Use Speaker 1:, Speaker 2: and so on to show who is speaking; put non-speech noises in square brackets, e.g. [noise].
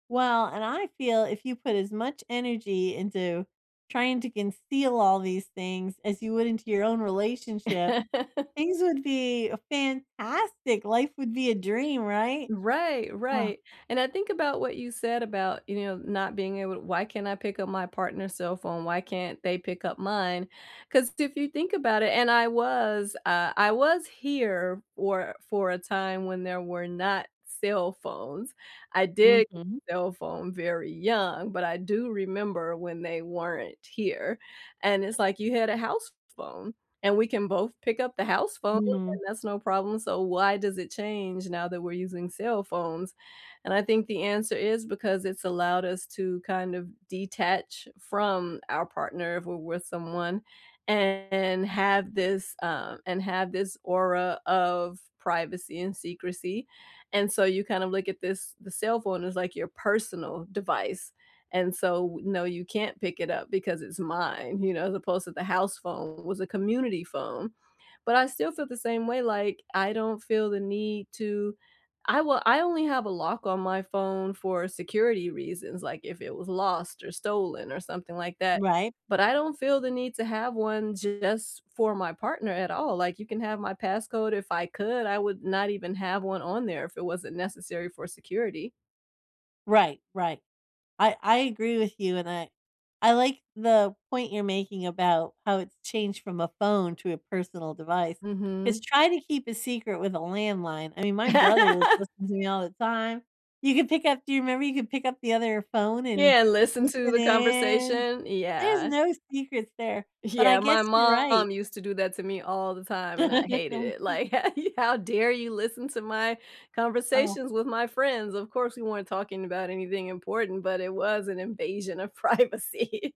Speaker 1: Well, and I feel if you put as much energy into trying to conceal all these things as you would into your own relationship,
Speaker 2: [laughs]
Speaker 1: things would be a fantastic, life would be a dream, right?
Speaker 2: Right,
Speaker 1: Oh.
Speaker 2: right, and I think about what you said about, you know, not being able why can't I pick up my partner's cell phone, why can't they pick up mine? 'Cause if you think about it and I was, uh, I was here for for a time when there were not cell phones. I did
Speaker 1: Mhm.
Speaker 2: get a cell phone very young, but I do remember when they weren't here, and it's, like, you had a house phone, and we can both pick up the house phone,
Speaker 1: Mm.
Speaker 2: and that's no problem, so, why does it change now that we're using cell phones? And I think the answer is because it's allowed us to kind of detach from our partner if we're with someone and have this, um, and have this aura of privacy and secrecy. And so, you kind of look at this the cell phone as like your personal device, and so, w no, you can't pick it up because it's mine, you know, as opposed to the house phone was a community phone. But I still feel the same way, like, I don't feel the need to I will I only have a lock on my phone for security reasons, like, if it was lost or stolen or something like that.
Speaker 1: Right.
Speaker 2: But I don't feel the need to have 1 just for my partner at all, like, you can have my passcode if I could, I would not even have 1 on there if it wasn't necessary for security.
Speaker 1: Right, right. I I agree with you, and I I like the point you're making about how it's changed from a phone to a personal device. Just
Speaker 2: Mhm.
Speaker 1: try to keep a secret with a landline, I mean, my brother was
Speaker 2: [laughs]
Speaker 1: listening to me all the time. You could pick up do you remember you could pick up the other phone and
Speaker 2: Yeah, and listen to
Speaker 1: listen
Speaker 2: the
Speaker 1: in?
Speaker 2: conversation,
Speaker 1: There's
Speaker 2: yeah.
Speaker 1: no secrets there, but I
Speaker 2: Yeah,
Speaker 1: guess
Speaker 2: my
Speaker 1: you're right.
Speaker 2: mom used to do that to me all the time, and I hated it.
Speaker 1: [unintelligible]
Speaker 2: Like, how ye how dare you listen to my
Speaker 1: Oh.
Speaker 2: conversations with my friends? Of course, we weren't talking about anything important, but it was an invasion of privacy.